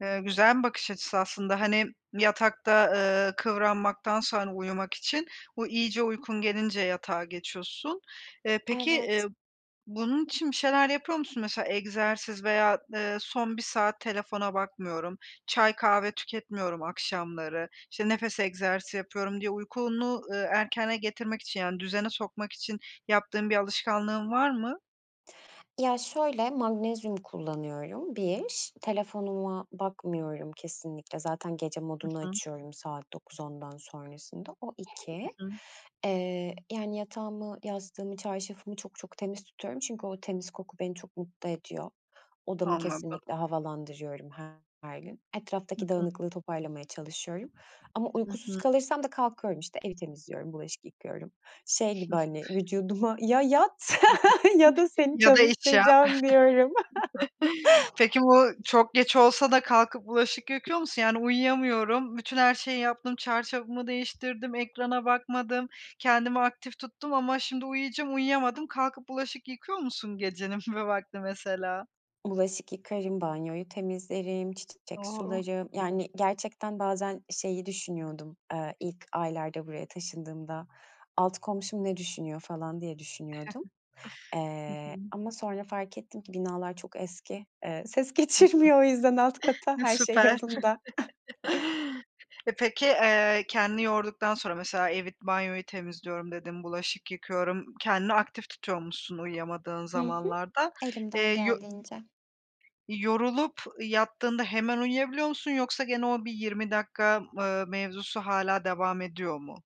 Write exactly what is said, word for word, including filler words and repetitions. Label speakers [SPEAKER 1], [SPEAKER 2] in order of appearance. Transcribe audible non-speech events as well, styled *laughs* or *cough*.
[SPEAKER 1] Eee, güzel bir bakış açısı aslında. Hani, yatakta, ııı, kıvranmaktansa, hani, uyumak için, o iyice uykun gelince yatağa geçiyorsun. Eee, peki, eee,
[SPEAKER 2] Evet.
[SPEAKER 1] bunun için bir şeyler yapıyor musun? Mesela egzersiz veya, eee, son bir saat telefona bakmıyorum, çay kahve tüketmiyorum akşamları, işte, nefes egzersizi yapıyorum diye uykunu, ııı, erkene getirmek için, yani, düzene sokmak için yaptığın bir alışkanlığın var mı?
[SPEAKER 2] Ya şöyle, magnezyum kullanıyorum, bir. Telefonuma bakmıyorum kesinlikle. Zaten gece
[SPEAKER 1] I
[SPEAKER 2] modunu
[SPEAKER 1] hı.
[SPEAKER 2] açıyorum saat dokuz ondan sonrasında, o
[SPEAKER 1] Hı
[SPEAKER 2] iki.
[SPEAKER 1] hı.
[SPEAKER 2] Eee, yani, yatağımı, yastığımı, çarşafımı çok çok temiz tutuyorum çünkü o temiz koku beni çok mutlu ediyor. Odamı
[SPEAKER 1] Anladım.
[SPEAKER 2] kesinlikle havalandırıyorum her gün.
[SPEAKER 1] Hı
[SPEAKER 2] Etraftaki
[SPEAKER 1] hı.
[SPEAKER 2] dağınıklığı toparlamaya çalışıyorum ama
[SPEAKER 1] I
[SPEAKER 2] uykusuz
[SPEAKER 1] hı.
[SPEAKER 2] kalırsam da kalkıyorum, işte, evi temizliyorum, bulaşık yıkıyorum. Şey gibi, hani,
[SPEAKER 1] *giggles*
[SPEAKER 2] vücuduma "Ya yat *laughs* ya da
[SPEAKER 1] *unintelligible*
[SPEAKER 2] seni
[SPEAKER 1] Ya da iş yap.
[SPEAKER 2] çalıştıracağım." diyorum.
[SPEAKER 1] *chuckles* Peki,
[SPEAKER 2] *chuckles*
[SPEAKER 1] bu çok geç olsa da kalkıp bulaşık yıkıyor musun? Yani uyuyamıyorum, bütün her şeyi yaptım, çarşafımı değiştirdim, ekrana bakmadım, kendimi aktif tuttum ama şimdi uyuyacağım, uyuyamadım. Kalkıp bulaşık yıkıyor musun gecenin bir vakti mesela?
[SPEAKER 2] Bulaşık yıkarım, banyoyu temizlerim, ç çiçek
[SPEAKER 1] O.
[SPEAKER 2] sularım, yani, gerçekten bazen şeyi düşünüyordum, eee, ilk aylarda buraya taşındığımda, altı komşum ne düşünüyor falan diye düşünüyordum.
[SPEAKER 1] *giggles* Hı
[SPEAKER 2] Eee,
[SPEAKER 1] hı.
[SPEAKER 2] ama sonra fark ettim ki binalar çok eski, eee, ses
[SPEAKER 1] Hı
[SPEAKER 2] geçirmiyor o yüzden alt kata,
[SPEAKER 1] hı. I
[SPEAKER 2] her şey
[SPEAKER 1] süper.
[SPEAKER 2] yolunda. *chuckles*
[SPEAKER 1] *chuckles* Eee, peki, eee, kendini yorduktan sonra mesela evi, banyoyu temizliyorum dedin, bulaşık yıkıyorum, kendini aktif tutuyormuşsun uyuyamadığın
[SPEAKER 2] Hı hı.
[SPEAKER 1] zamanlarda.
[SPEAKER 2] Elimden
[SPEAKER 1] Eee, yo
[SPEAKER 2] geldiğince.
[SPEAKER 1] yorulup yattığında hemen uyuyabiliyor musun yoksa gene o bir yirmi dakika, ııı, mevzusu hâlâ devam ediyor mu?